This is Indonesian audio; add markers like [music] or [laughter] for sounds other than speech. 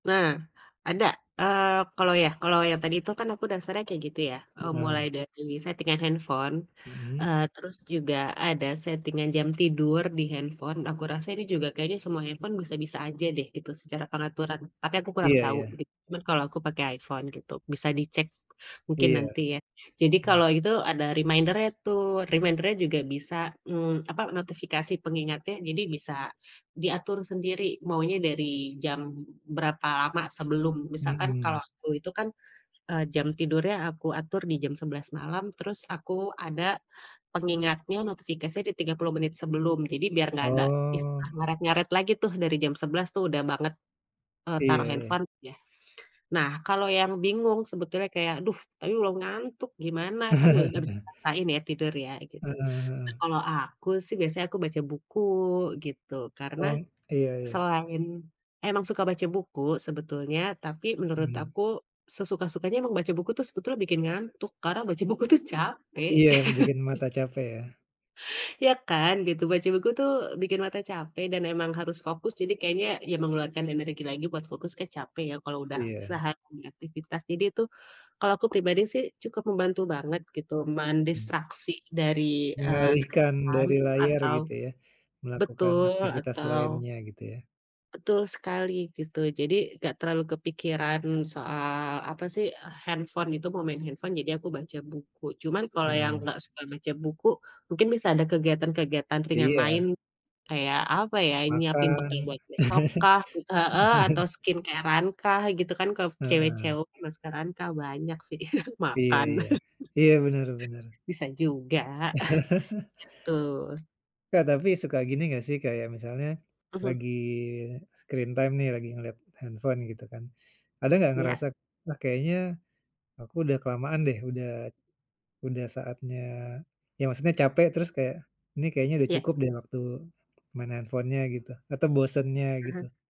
Nah, ada eee kalau ya kalau yang tadi tuh kan aku dasarnya kayak gitu ya, e Bener. mulai dari setting-an handphone. Mhm. Eee terus juga ada setting-an jam tidur dihandphone, aku rasa ini juga kayaknya semua handphone bisa bisa aja deh gitu secara pengaturan, tapi aku kurang Iya tahu iya. di kalau aku pakai iPhone gitu, bisa dicek mungkin Iya. nanti ya. Jadi Mmm. kalau itu ada reminder-nya tuh reminder-nya juga bisa mmm apa notifikasi pengingatnya jadi bisa diatur sendiri, maunya dari jam berapa lama sebelum misalkan kalau Mhm. aku itu kan, eee, jam tidurnya aku atur di jam 11 malam, terus aku ada pengingatnya, notifikasinya di 30 menit sebelum jadi biar gak ada istilah Oh. ngaret ngaret lagi tuh dari jam 11 tuh udah banget, e Iya taruh iya. handphone yah. Nah kalau yang bingung sebetulnya kayak, duh tapi belom ngantuk gimana? Kan gak bisa [chuckles] dipaksain ya tidur ya gitu. Heeh Nah heeh. kalau aku sih, biasanya aku buku gitu karena, O, iya iya. selain emang suka baca buku sebetulnya tapi menurut Mmm. aku sesuka-sukanya emang baca buku tuh sebetulnya bikin ngantuk karena baca buku tuh capek. Iya bikin mata [laughs] capek yah. Ya kan, gitu. Baca buku tuh bikin mata capek dan emang harus fokus jadi kayaknya ya mengeluarkan energi lagi buat fokus ke capek ya, kalau udah Iya. sehari aktivitas. Jadi tuh, kalau aku pribadi sih cukup membantu banget gitu Mmm. mendistraksi dari eee screen Mengalihkan time dari layar atau gitu ya, melakukan betul aktivitas atau lainnya gitu ya. Betul sekali gitu, jadi gak terlalu kepikiran soal apa sih handphone gitu, mau main handphone jadi aku baca buku. Cuman kalau yang Mmm. gak suka baca buku, mungkin bisa ada kegiatan-kegiatan ringan Iya. lain. Kayak apa ya nyiapin bekal Makan. buat besok kah, entah heeh atau [chuckles] skincare-an kah gitu kan kalo cewek Heeh. cewek, maskeran kah, banyak sih, [chuckles] Iya makan. iya, iya bener bener. [chuckles] Bisa juga. [chuckles] [chuckles] Gitu. Ka tapi suka gini enggak sih kayak misalnya, Mhm. lagi screen time nih lagi ngelihat handphone gitu kan. Ada enggak Iya. ngerasa, ah kayaknya aku udah kelamaan deh udah, udah saatnya ya maksudnya capek terus kayak, nih kayaknya udah Iya. cukup deh waktu, main handphonenya gitu atau bosennya Mhm. gitu.